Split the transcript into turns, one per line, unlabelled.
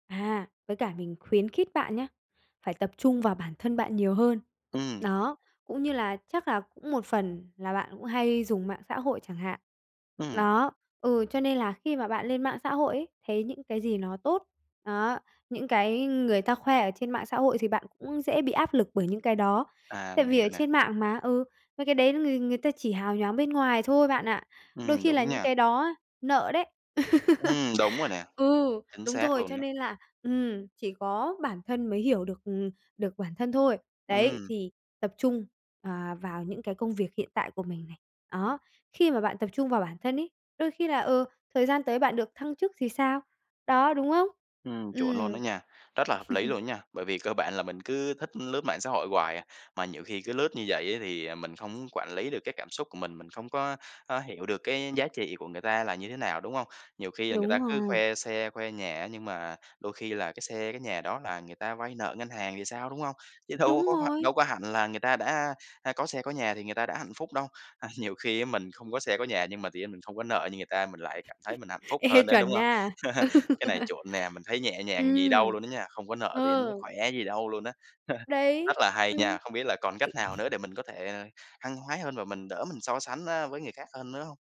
À, với cả mình khuyến khít bạn nhá, phải tập trung vào bản thân bạn nhiều hơn.
Ừm.
Đó, cũng như là chắc là cũng một phần là bạn cũng hay dùng mạng xã hội chẳng hạn,
Ừm.
đó, ừ, cho nên là khi mà bạn lên mạng xã hội ấy, thấy những cái gì nó tốt, đó, những cái người ta khoe ở trên mạng xã hội thì bạn cũng dễ bị áp lực bởi những cái đó.
À,
Tại
mình
vì ở
hiểu nè.
trên mạng mà, ừ, mấy cái đấy người người ta chỉ hào nhoáng bên ngoài thôi bạn ạ. Đôi
Ừm,
khi là
đúng
những
nha.
cái đó á, nợ đấy.
Ừm, đúng rồi nè,
Ừ,
chính
đúng
xác
rồi,
luôn
cho
đó.
nên là ừm, chỉ có bản thân mới hiểu được, ừm, được bản thân thôi. Đấy,
Ừm.
thì tập trung, ờ, vào những cái công việc hiện tại của mình này, đó, khi mà bạn tập trung vào bản thân ấy, đôi khi là, ừ, thời gian tới bạn được thăng chức thì sao? Đó, đúng không?
Ừm, chuẩn luôn đó
Ừm.
nha, rất là hợp lý luôn đó nha, bởi vì cơ bản là mình cứ thích lướt mạng xã hội hoài à, mà nhiều khi cứ lướt như vậy á thì mình không có quản lý được cái cảm xúc của mình, mình không có có hiểu được cái giá trị của người ta là như thế nào, đúng hông? Nhiều khi là người ta
Đúng
cứ
rồi.
khoe xe, khoe nhà á nhưng mà đôi khi là cái xe, cái nhà đó là người ta vay nợ ngân hàng thì sao, đúng hông? Chứ đâu
Đúng
có h
rồi!
đâu có hẳn là người ta đã, a, có xe, có nhà thì người ta đã hạnh phúc đâu, à, nhiều khi mình không có xe có nhà nhưng mà tự nhiên mình không có nợ như người ta, mình lại cảm thấy mình hạnh phúc
Ê,
hơn đấy, đúng
chuẩn
hông?
nha. Ừ.
Cái này chuẩn nè, mình thấy nhẹ nhàng gì đâu
Ừm.
luôn á nha, không có nợ tự nhiên nó
Ờ.
khỏe gì đâu luôn á,
Đấy,
rất là hay
ừm.
nha.
Tịnh
Không biết là còn cách nào nữa để mình có thể, ờ, hăng hái hơn và mình đỡ mình so sánh, a, với người khác hơn nữa hông?